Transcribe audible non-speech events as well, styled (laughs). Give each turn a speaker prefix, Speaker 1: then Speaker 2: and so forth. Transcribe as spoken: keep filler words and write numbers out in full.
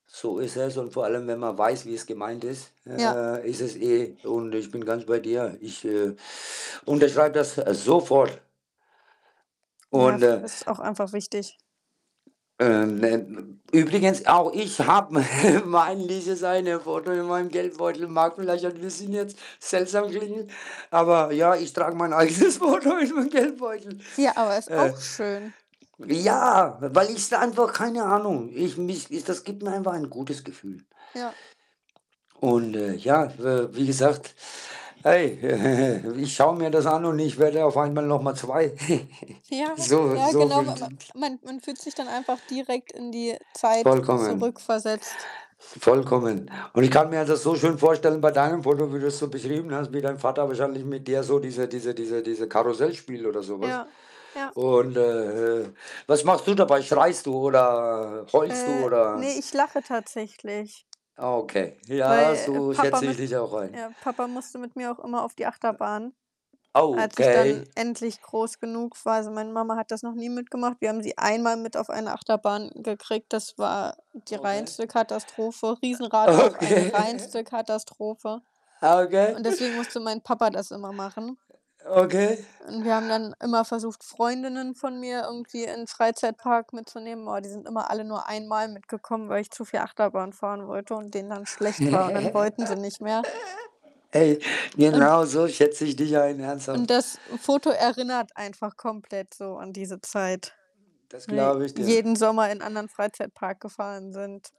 Speaker 1: So ist es und vor allem, wenn man weiß, wie es gemeint ist
Speaker 2: Ja.
Speaker 1: äh, ist es eh und ich bin ganz bei dir. Ich, äh, unterschreibe das sofort.
Speaker 2: Ja,
Speaker 1: Und,
Speaker 2: f
Speaker 1: äh,
Speaker 2: ist auch einfach wichtig.
Speaker 1: ähm, ne übrigens auch ich habe me mein dieses Foto in meinem Geldbeutel. Mag vielleicht ein bisschen jetzt seltsam klingen, aber, ja, ich trage mein eigenes Foto in meinem Geldbeutel.
Speaker 2: Ja, aber ist
Speaker 1: Äh
Speaker 2: auch schön.
Speaker 1: ja, weil ich's einfach keine Ahnung. Ich mich ich das gibt mir einfach ein gutes Gefühl.
Speaker 2: Ja.
Speaker 1: Und, äh, ja, we wie gesagt hey, (laughs) ich schaue mir das an und ich werde auf einmal noch mal zwei. (giggles)
Speaker 2: Ja,
Speaker 1: So
Speaker 2: ja,
Speaker 1: so
Speaker 2: genau.
Speaker 1: fühlt
Speaker 2: M m
Speaker 1: (unintelligible)
Speaker 2: man man fühlt sich dann einfach direkt in die Zeit
Speaker 1: Vollkommen.
Speaker 2: zurückversetzt.
Speaker 1: Vollkommen. Und ich kann mir halt das so schön vorstellen bei deinem Foto, wie du's so beschrieben hast, wie dein Vater wahrscheinlich mit dir so diese diese diese diese Karussell spielt oder so was
Speaker 2: Ja, ja.
Speaker 1: und, äh, was machst du dabei? Schreist du oder heulst du
Speaker 2: Äh, ne,
Speaker 1: oder
Speaker 2: ich lache tatsächlich.
Speaker 1: ah, okay. Ja,
Speaker 2: Weil, äh,
Speaker 1: so
Speaker 2: Papa
Speaker 1: schätze
Speaker 2: mit
Speaker 1: ich dich auch ein.
Speaker 2: ja, Papa musste mit mir auch immer auf die Achterbahn
Speaker 1: (unintelligible)
Speaker 2: als ich dann
Speaker 1: Okay.
Speaker 2: endlich groß genug war. Also, meine Mama hat das noch nie mitgemacht. Wir haben sie einmal mit auf eine Achterbahn gekriegt. Das war die
Speaker 1: Okay.
Speaker 2: reinste Katastrophe. Riesenrad auch eine
Speaker 1: Okay.
Speaker 2: reinste Katastrophe
Speaker 1: Okay.
Speaker 2: und deswegen musste mein Papa das immer machen.
Speaker 1: Okay.
Speaker 2: Und wir haben dann immer versucht, Freundinnen von mir irgendwie irgendwie in 'n Freizeitpark mitzunehmen. Boah, die sind immer alle nur einmal mitgekommen, weil ich zu viel Achterbahn fahren wollte und denen dann schlecht war und dann
Speaker 1: (laughs)
Speaker 2: wollten sie nicht mehr.
Speaker 1: Hey,
Speaker 2: Und
Speaker 1: genauso schätze ich dich ein,
Speaker 2: und
Speaker 1: ernsthaft.
Speaker 2: das Foto erinnert einfach komplett so an diese Zeit,
Speaker 1: Das
Speaker 2: ne,
Speaker 1: glaube ich dir.
Speaker 2: jeden Sommer in anderen Freizeitpark gefahren sind.